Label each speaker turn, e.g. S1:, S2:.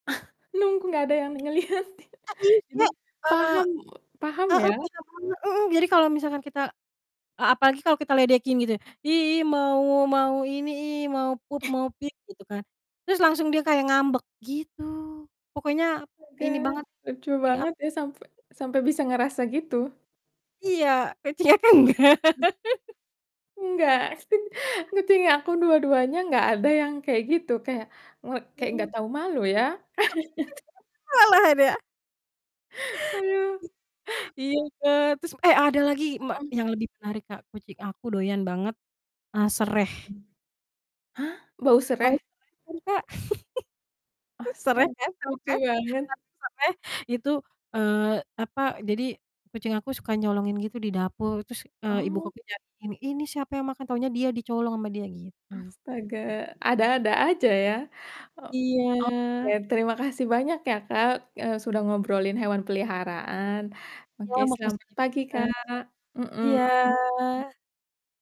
S1: Nunggu nggak ada yang ngelihatin.
S2: Nggak
S1: Jadi,
S2: bisa. Eee
S1: paham paham
S2: heeh,
S1: ya?
S2: beda banget, heeh, jadi kalau misalkan kita e apalagi kalau kita ledekin gitu, "Ih ih mau mau ini ih, mau poop, mau peep," gitu kan. Terus, langsung dia kayak ngambek, gitu. Pokoknya,
S1: Astaga,
S2: ini banget,
S1: lucu
S2: thing up.
S1: banget ya sampai sampai bisa ngerasa, gitu.
S2: Iya, pecinya kan nggak.
S1: Mmm. Nggak, kucing aku dua-duanya nggak ada yang kayak gitu, kayak ngek kayak nggak
S2: Mmm.
S1: tau malu, ya?
S2: Ah, [unintelligible] malahan, ya.
S1: Ayu.
S2: Iya Kak, trus eh, ada lagi mak
S1: Mhm.
S2: yang lebih menarik Kak, kucing aku doyan banget, eee, sereh.
S1: Hah? Bau
S2: Tahu
S1: sereh?
S2: sereh kan Kak? Sereh
S1: Astaga,
S2: kan, tahu
S1: lucu
S2: kan? Tau
S1: banget.
S2: sereh? Itu, eee, apa, jadi kucing aku suka nyolongin gitu di dapur. Terus, eee, ibu ko
S1: Oh.
S2: ku nyariin nih, "Ini siapa yang makan?" Taunya dia, dicolong sama dia gitu.
S1: Astaga, ada-ada aja, ya. O oke,
S2: Iya.
S1: terima kasih banyak ya Kak, eee, sudah ngobrolin hewan peliharaan.
S2: Iya,
S1: Oke,
S2: makasih
S1: selamat
S2: juga
S1: pagi
S2: Kak.
S1: Kak.
S2: Iya.
S1: Mhm.